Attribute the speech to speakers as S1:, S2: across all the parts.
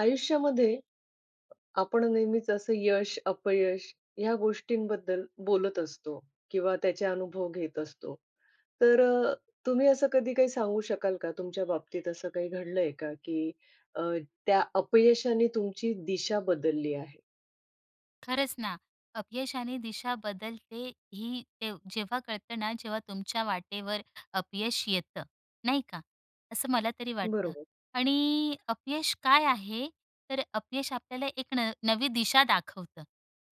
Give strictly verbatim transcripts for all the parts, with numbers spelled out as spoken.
S1: आयुष्यामध्ये अ, आपण नेहमीच असं यश, अपयश या गोष्टींबद्दल बोलत असतो किंवा त्याचे अनुभव घेत असतो. तर अ, तुम्ही असं कधी काही सांगू शकाल का तुमच्या बाबतीत असं काही घडलंय का? की अ, त्या अपयशाने तुमची दिशा बदलली आहे?
S2: खरंच ना. अपयशाने दिशा बदलते ही ते जेव्हा कळतं ना, जेव्हा तुमच्या वाटेवर अपयश येतं, नाही का? असं मला तरी वाटतं
S1: बरोबर.
S2: आणि अपयश काय आहे? तर अपयश आपल्याला एक न नवी दिशा दाखवतं,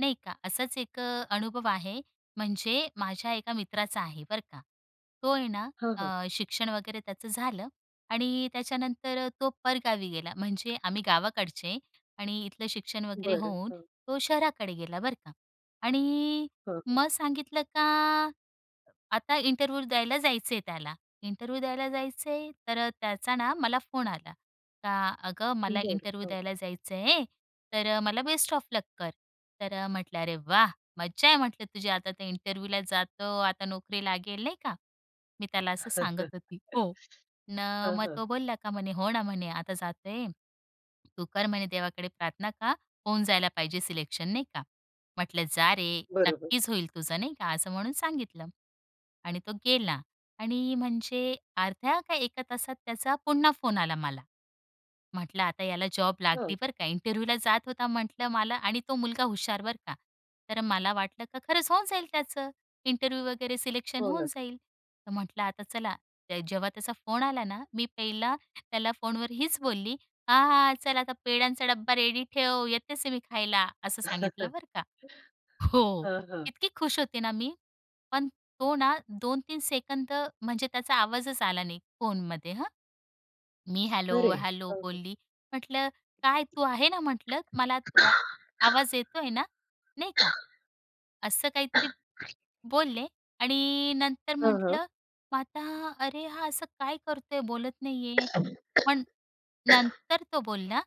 S2: नाही का? असाच एक अ, अनुभव आहे, म्हणजे माझ्या एका मित्राचा आहे, बरं का? तो आहे ना
S1: हां,
S2: अ,
S1: हां.
S2: शिक्षण वगैरे त्याचं झालं आणि त्याच्यानंतर तो परगावी गेला, म्हणजे आम्ही गावाकडचे आणि इथलं शिक्षण वगैरे
S1: बरं,
S2: होऊन
S1: हां.
S2: तो शहराकडे गेला, बरं का? आणि
S1: हं, हं.
S2: मग सांगितलं का आता इंटरव्ह्यु द्यायला जायचंय त्याला. इंटरव्ह्यु द्यायला जायचंय, तर त्याचा ना मला फोन आला, का "अगं, मला
S1: बरं,
S2: इंटरव्ह्यु
S1: हां.
S2: द्यायला जायचं आहे, तर मला बेस्ट ऑफ लक कर." तर म्हटलं, अरे वाह! मज्जा आहे म्हटलं तुझी आता तर इंटरव्ह्युला जातो, आता नोकरी लागेल, नाही का? मी त्याला असं सांगत होती हो न,
S1: हां,
S2: मग
S1: हां.
S2: तो बोलला का म्हणे हो ना म्हणे "आता जातोय, तू कर म्हणे देवाकडे प्रार्थना, का होऊन जायला पाहिजे सिलेक्शन नाही का?" म्हटलं "जा रे
S1: बरोबर.
S2: नक्कीच होईल तुझं" नाही का? असं म्हणून सांगितलं. आणि तो गेला आणि म्हणजे अर्ध्या का एका तासात त्याचा पुन्हा फोन आला मला. म्हटलं आता याला जॉब
S1: हं.
S2: लागली बरं का? इंटरव्ह्युला जात होता म्हटलं मला आणि तो मुलगा हुशार बरं का? तर मला वाटलं का खरंच होऊन जाईल त्याचं इंटरव्ह्यु वगैरे सिलेक्शन
S1: हो,
S2: होऊन
S1: ना.
S2: जाईल. तर म्हटलं आता चला, ते जेव्हा त्याचा फोन आला ना, मी पहिला त्याला फोनवर हीच बोलली, "हा, हा. चल आता पेड्यांचा डब्बा रेडी ठेव, येतेच मी खायला" असं सांगितलं बरं का. हो,
S1: हां, हां.
S2: इतकी खुश होते ना मी, पण तो ना दोन तीन सेकंद म्हणजे त्याचा आवाजच आला नाही फोनमध्ये हं. मी हॅलो,
S1: खरं आहे,
S2: हॅलो
S1: हां, हं.
S2: बोलली. म्हटलं "काय तू आहे ना?" म्हटलं "मला [unintelligible] आवाज येतोय ना?" नाही का? असं काहीतरी बोलले आणि नंतर
S1: हां, हां.
S2: म्हटलं मग आता "अरे, हा असं काय करतोय? बोलत नाहीये." पण नंतर तो बोलला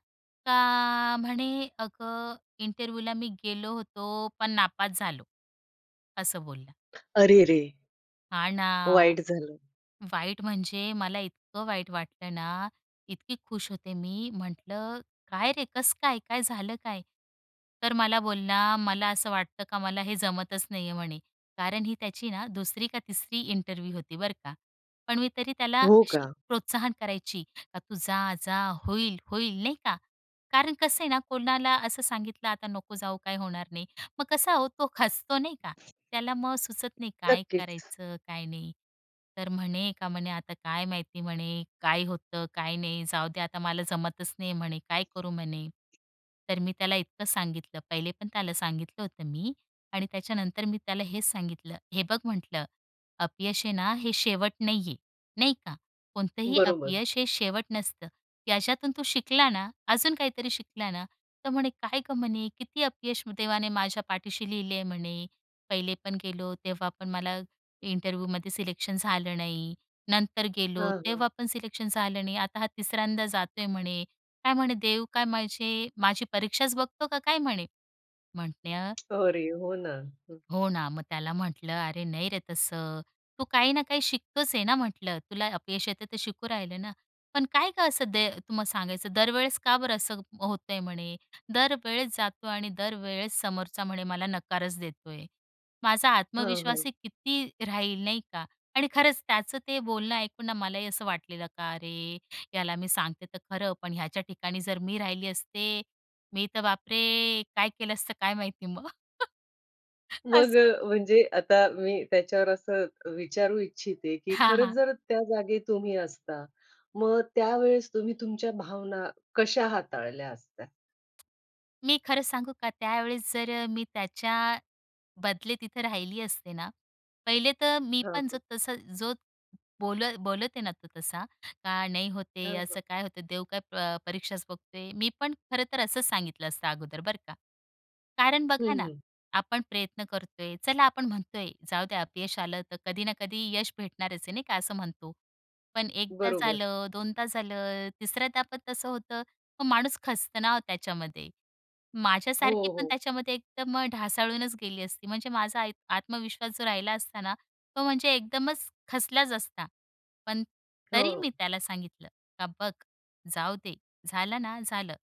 S2: का म्हणे "अगं, इंटरव्ह्युला मी गेलो होतो, पण नापास झालो" असं बोलला.
S1: अरे रे रे!
S2: हा ना,
S1: वाईट झालं.
S2: वाईट म्हणजे मला इतकं वाईट वाटलं ना, इतकी खुश होते मी, म्हटलं काय रे, कसं काय, काय झालं काय? तर मला बोल ना, मला असं वाटतं का, मला हे जमतच नाहीये म्हणे. कारण ही त्याची ना दुसरी का तिसरी इंटरव्ह्यु होती बरं का. पण मी तरी त्याला
S1: हो का?
S2: अशी प्रोत्साहन करायची, का तू जा, जा, होईल, होईल नाही का? कारण कसंय ना, कोणाला असं सांगितलं, आता नको जाऊ, काही होणार नाही, मग कसा हो, तो खचतो नाही का? त्याला मग सुचत नाही काय
S1: नक्कीच.
S2: करायचं, काय नाही. तर म्हणे का म्हणे आता काय माहिती म्हणे काय होतं, काय नाही, जाऊदे आता, मला जमतच नाही म्हणे, काय करू म्हणे? तर मी त्याला इतकं सांगितलं, पहिले पण त्याला सांगितलं होतं मी आणि त्याच्यानंतर मी त्याला हेच सांगितलं, हे बघ म्हटलं, अपयश आहे ना, हे शेवट नाहीये नाही का? कोणतंही
S1: बरोबर.
S2: अपयश हे शेवट नसतं, याच्यातून तू शिकला ना, अजून काहीतरी शिकला ना. तर म्हणे काय म्हणे किती अपयश देवाने माझ्या पाठीशी लिहले आहे म्हणे, पहिले पण गेलो तेव्हा पण मला इंटरव्ह्युमध्ये सिलेक्शन झालं नाही. नंतर गेलो
S1: हं, हं.
S2: तेव्हा पण सिलेक्शन झालं नाही. आता हा तिसऱ्यांदा जातोय म्हणे, काय म्हणे देव काय माझी परीक्षाच बघतो का काय? म्हणे म्हटल
S1: अरे हो ना, हं.
S2: हो ना, मग त्याला म्हटलं, "अरे, नाही रे तसं. तू काही ना काही शिकतोच आहे ना?" म्हटलं, "तुला अपयश येतं तर शिकू राहिलं ना." पण काय गं असं द तुम्हा सांगायचं दरवेळेस का बरं असं होतंय? म्हणे दरवेळेस जातो आणि दरवेळेस समोरचा म्हणे मला नकारच देतोय. माझा
S1: हां, हो.
S2: आत्मविश्वासही किती राहील, नाही का? आणि खरंच त्याचं ते बोलणं ऐकून ना मलाही असं वाटलेलं, का अरे! याला मी सांगते तर खरं, पण ह्याच्या ठिकाणी जर मी राहिली असते, मी तर बापरे! काय केलं असतं काय माहिती मग?
S1: मग
S2: असं
S1: म्हणजे आता मी त्याच्यावर असं विचारू इच्छिते की
S2: हां,
S1: खरंच
S2: हां.
S1: जर त्या जागी तुम्ही असता? मग त्यावेळेस तुम्ही तुमच्या भावना कशा हाताळल्या असत्या?
S2: मी खरं सांगू का, त्यावेळेस जर अ, मी त्याच्या बदले तिथं राहिली असते ना, पहिले तर मी
S1: हां,
S2: पण जो
S1: हां.
S2: तस जो बोल बोलत आहे ना, तो तसा, का नाही होते
S1: हां, हां.
S2: असं काय होतं? देव काय प परीक्षाच बघतोय. मी पण खरं तर असं सांगितलं असतं अगोदर, बरं का? कारण
S1: हं,
S2: बघा ना,
S1: हं.
S2: आपण प्रयत्न करतोय, चला आपण म्हणतोय जाऊ द्या अपयश आलं, तर कधी ना कधी यश भेटणारच आहे, नाही का? असं म्हणतो. पण एकदा
S1: बरोबर.
S2: झालं, दोनदा झालं, तिसऱ्यांदा पण तसं होतं. मग माणूस खचतं ना हो त्याच्यामध्ये.
S1: हो,
S2: माझ्यासारखी पण
S1: हो.
S2: त्याच्यामध्ये एकदम ढासळूनच गेली असती, म्हणजे माझा आय आत्मविश्वास जो राहिला असता ना, तो म्हणजे एकदमच खचलाच असता. पण तरी
S1: हो.
S2: मी त्याला सांगितलं, का "बघ, जाऊ दे, झालं ना झालं"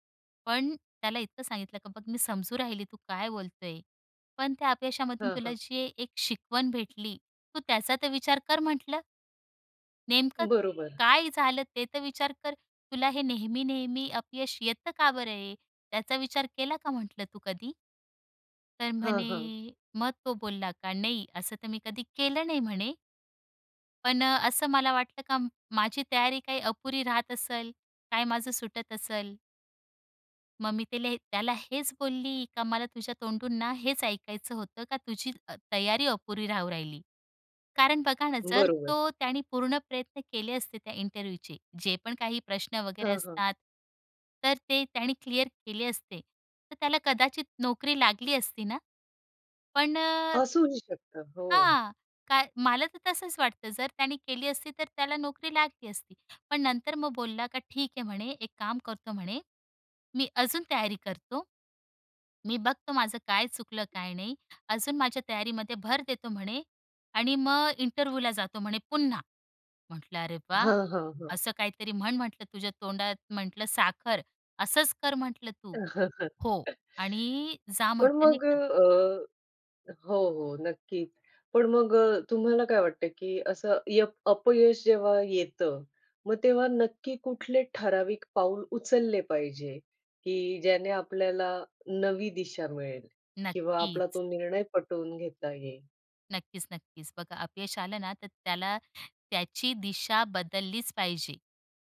S2: पण त्याला इतकं सांगितलं, का "बघ, मी समजू राहिली, तू काय बोलतोय? पण त्या अपयशामधून
S1: हं,
S2: तुला
S1: हं.
S2: जी एक शिकवण भेटली, तू त्याचा तर विचार कर" म्हटलं. "नेमकं
S1: बरोबर.
S2: काय झालं? ते तर विचार कर. तुला हे नेहमी-नेहमी अपयश येतं का बरं हे? त्याचा विचार केला का?" म्हटलं, "तू कधी?" तर
S1: हां,
S2: म्हणे
S1: हां.
S2: मग तो बोलला का, "नाही, असं तर मी कधी केलं नाही" म्हणे. पण अ, असं मला वाटलं का माझी तयारी काय अपुरी राहत असेल, काय माझं सुटत असेल? मग मी त्याले त्याला हेच बोलली, का मला तुझ्या तोंडूनना हेच ऐकायचं होतं का तुझी अ, तयारी अपुरी राहू राहिली. कारण बघा ना, जर
S1: बरोबर.
S2: तो त्याने पूर्ण प्रयत्न केले असते त्या इंटरव्ह्यूचे जे पण काही प्रश्न वगैरे
S1: हं, हं.
S2: असतात. तर ते त्याने क्लिअर केले असते. तर त्याला कदाचित नोकरी लागली असती ना? पण अ
S1: असूही शकतं. हो.
S2: हां, कार मला तर तसंच वाटतं. जर त्याने केली असती, तर त्याला नोकरी लागली असती. पण नंतर मग बोलला का "ठीक आहे," म्हणे, "एक काम करतो," म्हणे "मी अजून तयारी करतो. मी बघतो माझं काय चुकलं काय नाही. अजून माझ्या तयारीमध्ये भर देतो," म्हणे "आणि मग इंटरव्ह्यूला जातो" म्हणे पुन्हा. म्हटलं, अरे वाह!
S1: हां, हां, हां.
S2: असं काहीतरी म्हण म्हटलं, "तुझ्या तोंडात म्हटलं साखर. असंच कर" म्हटलं तू. हो आणि जा
S1: पण
S2: म्हटलं नाही
S1: मग
S2: का?
S1: अ, अ हो, हो नक्कीच. पण मग अ, तुम्हाला काय वाटतं, की असं यप अपयश जेव्हा येतं, मग तेव्हा नक्की कुठले ठराविक पाऊल उचलले पाहिजे की ज्याने आपल्याला नवी दिशा मिळेल किंवा आपला
S2: नक्कीच.
S1: तो निर्णय पटवून घेता येईल?
S2: नक्कीच, नक्कीच. बघा अपयश आलं ना, तर त्याला त्याची दिशा बदललीच पाहिजे,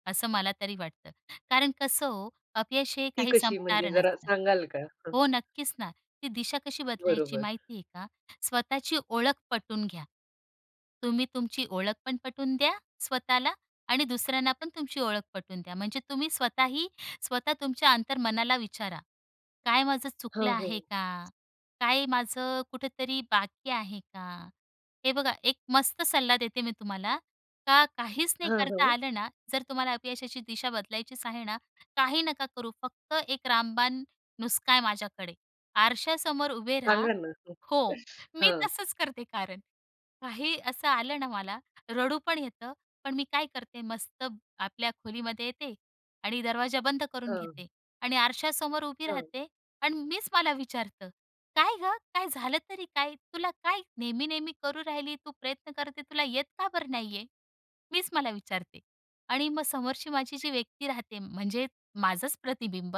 S2: असं मला तरी वाटतं. कारण कसं हो अपयश हे
S1: ती
S2: काही
S1: कशी म्हणजे
S2: संपणारं
S1: जरा
S2: नसतं.
S1: सांगाल का? हं.
S2: हो नक्कीच ना ती दिशा कशी बदलायची
S1: बरोबर.
S2: माहिती आहे का? स्वतःची ओळख पटवून घ्या. तुम्ही तुमची ओळख पण पटवून द्या, स्वतःला आणि दुसऱ्यांना पण तुमची ओळख पटवून द्या. म्हणजे तुम्ही स्वतःही स्वतः तुमच्या अंतर्मनाला विचारा, "काय माझं चुकलं
S1: हं, हं.
S2: आहे का? काय माझं कुठेतरी बाकी आहे का?" हे बघा एक मस्त सल्ला देते मी तुम्हाला, का काहीच नाही
S1: हं,
S2: करता
S1: हं.
S2: आलं ना, जर तुम्हाला अपयशाची दिशा बदलायचीच आहे ना काही नका करू. फक्त एक रामबाण नुस्खा आहे माझ्याकडे, आरशासमोर उभे राहा
S1: सांगा ना.
S2: हो, मी
S1: हां.
S2: तसंच करते कारण. काही असं आलं ना मला रडू पण येतं, पण मी काय करते मस्त आपल्या खोलीमध्ये येते आणि दरवाजा बंद करून
S1: हां.
S2: घेते. आणि आरशासमोर उभी
S1: हां.
S2: राहते आणि मीच मला विचारते, "काय गं, काय झालं तरी काय? तुला काय नेहमी, नेहमी करू राहिली तू प्रयत्न करते तुला येत का बरं नाहीये?" मीच मला विचारते आणि मग समोरची माझी जी व्यक्ती राहते, म्हणजे माझंच प्रतिबिंब.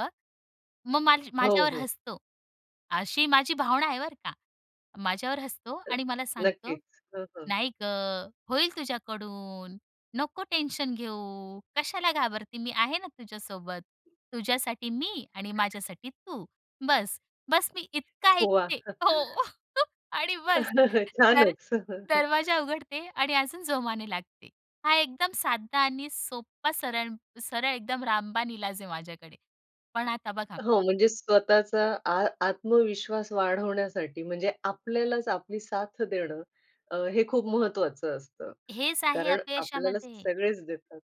S2: मग माझ्या
S1: हो,
S2: माझ्यावर
S1: हो.
S2: हसतो, अशी माझी भावना आहे बरं का. माझ्यावर हसतो आणि मला सांगतो,
S1: नक्कीच. हं, हं.
S2: "नाही गं! होईल तुझ्याकडून नको टेन्शन घेऊ. कशाला घाबरते मी आहे ना तुझ्यासोबत, तुझ्यासाठी मी आणि
S1: [unintelligible]
S2: माझ्यासाठी तू बस्स." बस्स मी इतका
S1: वाह!
S2: ऐकते हो. आणि बस्स दर
S1: छानच.
S2: दरवाजा उघडते. आणि अजून जोमाने लागते. हा, एकदम सादा आणि सोप्पा सरळ, सरळ एकदम रामबाण इलाज आहे माझ्याकडे, पण आता बघा
S1: हो, म्हणजे स्वतःचा आ आत्मविश्वास वाढवण्यासाठी म्हणजे, आपल्यालाच आपली साथ देणं, अ, हे खूप महत्वाचं असतं.
S2: हेच आहे
S1: कारण आपल्याला
S2: अपयशामध्ये.
S1: सगळेच देतात.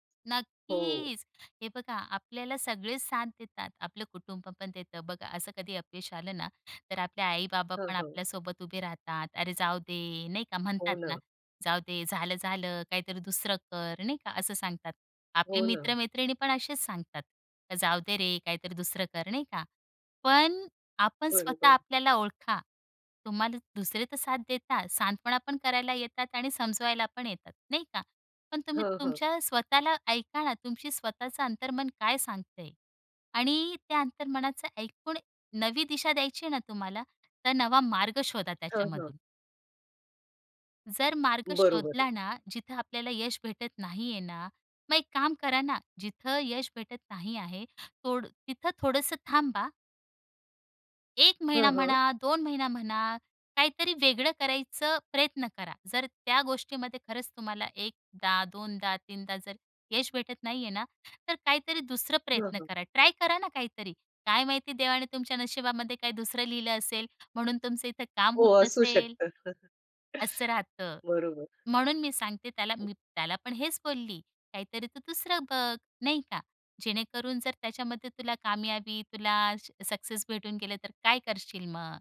S1: हो.
S2: नक्कीच, हे बघा आपल्याला सगळेच साथ देतात. आपलं कुटुंब पण देतं बघा असं कधी अपयश आलं ना, तर आपले आई-बाबा
S1: हं,
S2: पण
S1: हं.
S2: आपल्यासोबत उभे राहतात. "अरे, जाऊ दे, नाही का?
S1: हो
S2: म्हणतात ना,
S1: ना.
S2: जाऊ दे झालं, झालं, काहीतरी दुसरं कर." नाही का असं सांगतात आपले
S1: हो ना.
S2: मित्र-मैत्रिणी पण असेच सांगतात, "जाऊ दे रे काहीतरी दुसरं कर," नाही का? पण आपण स्वतः
S1: बरोबर.
S2: आपल्याला ओळखा. तुम्हाला दुसरे तर साथ देतात, सांत्वनापण करायला येतात आणि समजवायलापण येतात. नाही का? पण तुम्ही
S1: हं, हं.
S2: तुमच्या स्वतःला ऐका ना, तुमची स्वतःचं अंतर्मन काय सांगतंय आणि त्या अंतर्मनाचं ऐकून नवी दिशा द्यायची आहे ना तुम्हाला, तर नवा मार्ग शोधा
S1: हं, हं.
S2: त्याच्यामधून. जर मार्ग
S1: बरोबर आहे.
S2: शोधला ना, जिथे आपल्याला यश भेटत नाहीये ना, मग एक काम करा ना, जिथे यश भेटत नाही आहे, तोड तिथे थोडंसं थांबा. एक महिना
S1: हं, हं.
S2: म्हणा, दोन महिने म्हणा, काहीतरी वेगळं करायचं प्रयत्न करा. जर त्या गोष्टीमध्ये खरंच तुम्हाला एकदा, दोनदा, तीनदा जर यश भेटत नाहीये ना, तर काहीतरी दुसरं
S1: हं,
S2: प्रयत्न
S1: हं.
S2: करा, ट्राय करा ना काहीतरी. काय माहिती, देवाने तुमच्या नशिबामध्ये काही दुसरं लिहिलं असेल, म्हणून तुमचं इथं काम होत
S1: हो, असू
S2: नसेल
S1: शकतं.
S2: असं राहतं.
S1: बरोबर.
S2: म्हणून मी सांगते त्याला, मी त्याला पण हेच बोलली, काहीतरी तू दुसरं बघ, नाही का, जेणेकरून जर त्याच्यामध्ये तुला कामयाबी, तुला सक्सेस भेटून गेलं, तर काय करशील मग?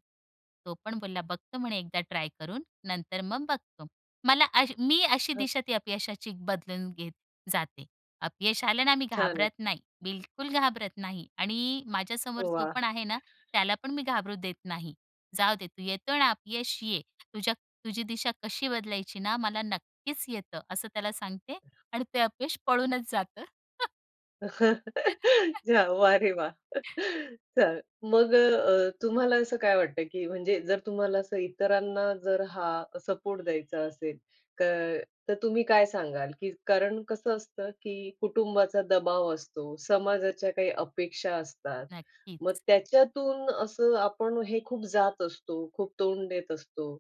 S2: तो पण बोलला, बघतो म्हणे एकदा ट्राय करून, नंतर मग बघतो. मला अशी, मी अशी
S1: हां.
S2: दिशा ती अपयशाची बदलून घेत जाते. अपयश आलं ना, मी
S1: छान आहे.
S2: घाबरत नाही, बिलकूल घाबरत नाही आणि माझ्यासमोर
S1: ओ
S2: जो
S1: वाह!
S2: पण आहे ना, त्याला पण मी घाबरू देत नाही. जाऊ दे, तू येतो ना अपयश ये, तुझ्या तुझी दिशा कशी बदलायची ना, मला नक्कीच येतं, असं त्याला सांगते आणि ते अपयश पळूनच जातं.
S1: जा वाह रे वाह! चा मग अ, तुम्हाला असं काय वाटतं की म्हणजे जर तुम्हाला असं इतरांना जर हा सपोर्ट द्यायचा असेल क तर तुम्ही काय सांगाल की कारण कसं असतं की कुटुंबाचा दबाव असतो, समाजाच्या काही अपेक्षा असतात. मग
S2: नक्कीच.
S1: त्याच्यातून असं आपण हे खूप जात असतो, खूप तोंड देत असतो.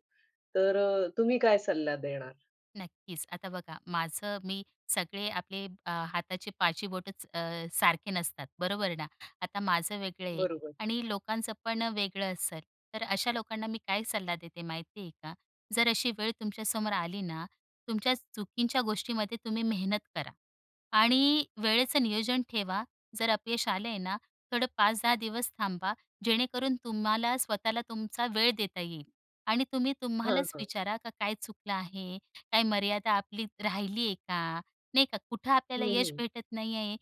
S1: तर तुम्ही काय सल्ला देणार?
S2: नक्कीच. आता बघा, माझं मी सगळे आपले अ, हाताचे पाचही बोटंच अ, सारखे नसतात, बरोबर ना. आता माझं वेगळं आहे
S1: बरोबर.
S2: आणि लोकांचं पण वेगळं असेल. तर अशा लोकांना मी काय सल्ला देते माहिती आहे का? जर अशी वेळ तुमच्यासमोर आली ना, तुमच्या चुकीच्या गोष्टीमध्ये तुम्ही मेहनत करा. आणि वेळेचं नियोजन ठेवा, जर अपयश आले आहे ना, थोडं पाच दहा दिवस थांबा, जेणेकरून तुम्हाला स्वतःला तुमचा वेळ देता येईल आणि तुम्ही
S1: हां,
S2: तुम्हालाच
S1: हां.
S2: विचारा, का काय चुकलं आहे? काय मर्यादा आपली राहिली आहे का? नाही का कुठं
S1: हं,
S2: आपल्याला यश
S1: हं.
S2: भेटत नाही आहे?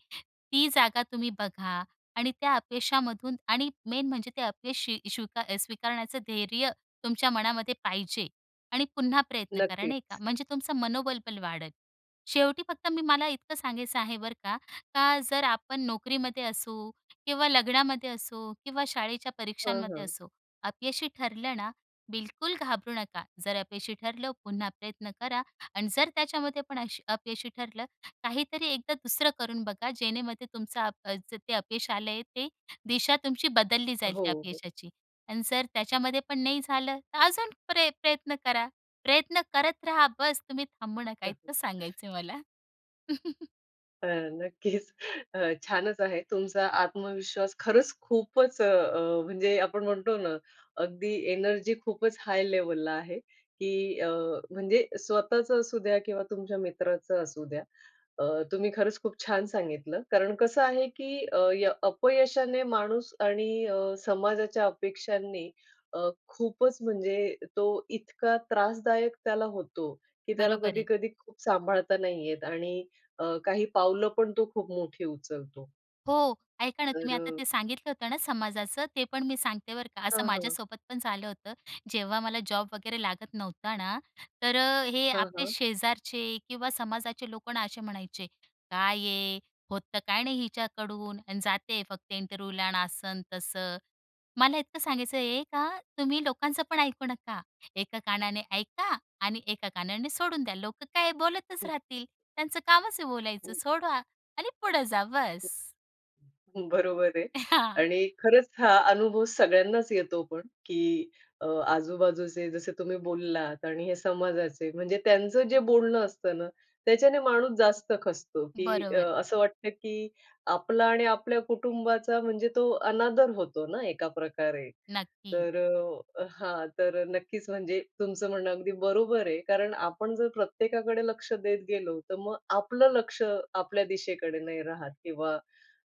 S2: ती जागा तुम्ही बघा आणि त्या अपयशामधून आणि मेन म्हणजे ते अपयश शी स्वी स्वीकारण्याचं धैर्य तुमच्या मनामध्ये पाहिजे. आणि पुन्हा प्रयत्न करा, नाही का.
S1: नक्कीच.
S2: म्हणजे तुमचं मनोबल पण वाढंल. शेवटी फक्त मी मला इतकं सांगायचं आहे बरं का, का जर आपण नोकरीमध्ये असो किंवा लग्नामध्ये असो किंवा शाळेच्या
S1: हं,
S2: परीक्षांमध्ये
S1: हं.
S2: असो, अपयशी ठरलं ना, बिलकुल घाबरू नका. जर अपयशी ठरलं, पुन्हा प्रयत्न करा आणि जर त्याच्यामध्ये पण अशी अपयशी ठरलं, काहीतरी एकदा दुसरं करून बघा जेणेमध्ये तुमचं अ, जे अपयश आलंय ते दिशा तुमची बदलली जाईल त्या
S1: हो, हो.
S2: अपयशाची. आणि जर त्याच्यामध्ये पण नाही झालं, तर अजून प्रय प्रयत्न करा. प्रयत्न करत रहा, बस तुम्ही थांबू नका. इतकं सांगायचंय मला.
S1: अ, नक्कीच, अ, छानच आहे. तुमचा आत्मविश्वास खरंच खूपच अ, म्हणजे आपण म्हणतो ना, अगदी एनर्जी खूपच हाय लेव्हलला आहे, की अ, म्हणजे स्वतःच असू द्या किंवा तुमच्या मित्राचं असू द्या. अ, तुम्ही खरंच खूप छान सांगितलं कारण कसं आहे, की अ, य अपयशाने माणूस आणि अ, समाजाच्या अपेक्षांनी अ, खूपच म्हणजे तो इतका त्रासदायक त्याला होतो, की त्याला
S2: बरोबर आहे.
S1: कधी-कधी खूप सांभाळता नाही येत आणि अ, काही पावलं पण तो खूप मोठी उचलतो.
S2: हो ऐका ना.
S1: तर
S2: तुम्ही आता
S1: अ
S2: ते सांगितलं होतं ना समाजाचं ते पण मी सांगते बरं का. असं
S1: हां, हां.
S2: माझ्यासोबत पण झालं होतं. जेव्हा मला जॉब वगैरे लागत नव्हता ना तर अ, हे
S1: हां,
S2: आपले
S1: हां.
S2: शेजारचे किंवा समाजाचे लोक ना असे म्हणायचे, "काय आहे? होतं काय नाही हिच्याकडून आणि जाते फक्त इंटरव्ह्यूला" आणि असं अन् तसं. मला इतकं सांगायचं आहे का तुम्ही लोकांच पण ऐकू नका. एका कानाने ऐका आणि एका कानाने सोडून द्या. लोक काय बोलतच
S1: हं.
S2: राहतील. त्यांचं कामच आहे बोलायचं. सोडा आणि पुढे जा, बस.
S1: हं. बरोबर आहे.
S2: हां.
S1: आणि खरंच हा अनुभव सगळ्यांनाच येतो पण, की अ, आजूबाजूचे जसे तुम्ही बोललात आणि हे समाजाचे, म्हणजे त्यांचं जे बोलणं असतं ना त्याच्याने माणूस जास्त खचतो, की
S2: बरोबर
S1: अ,
S2: आहे.
S1: असं वाटतं की आपला आणि आपल्या कुटुंबाचा म्हणजे तो अनादर होतो ना एका प्रकारे.
S2: नक्की.
S1: तर हां. तर नक्कीच म्हणजे तुमचं म्हणणं अगदी बरोबर आहे कारण आपण जर प्रत्येकाकडे लक्ष देत गेलो तर मग आपलं लक्ष आपल्या दिशेकडे नाही राहत किंवा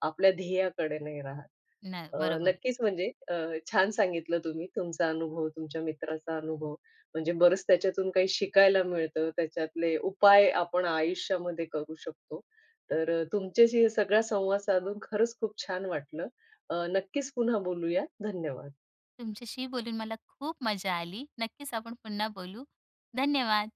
S1: आपल्या ध्येयाकडे नाही राहत.
S2: न
S1: अ,
S2: बरोबर आहे.
S1: नक्कीच म्हणजे अ, छान सांगितलं तुम्ही तुमचा अनुभव, तुमच्या मित्राचा अनुभव म्हणजे बरंच त्याच्यातून काही शिकायला मिळतं. त्याच्यातले उपाय आपण आयुष्यामध्ये करू शकतो. तर तुमच्याशी हे सगळा संवाद साधून खरंच खूप छान वाटलं. अ, नक्कीच पुन्हा बोलूयात. धन्यवाद.
S2: तुमच्याशीही बोलून मला खूप मजा आली. नक्कीच आपण पुन्हा बोलू. धन्यवाद.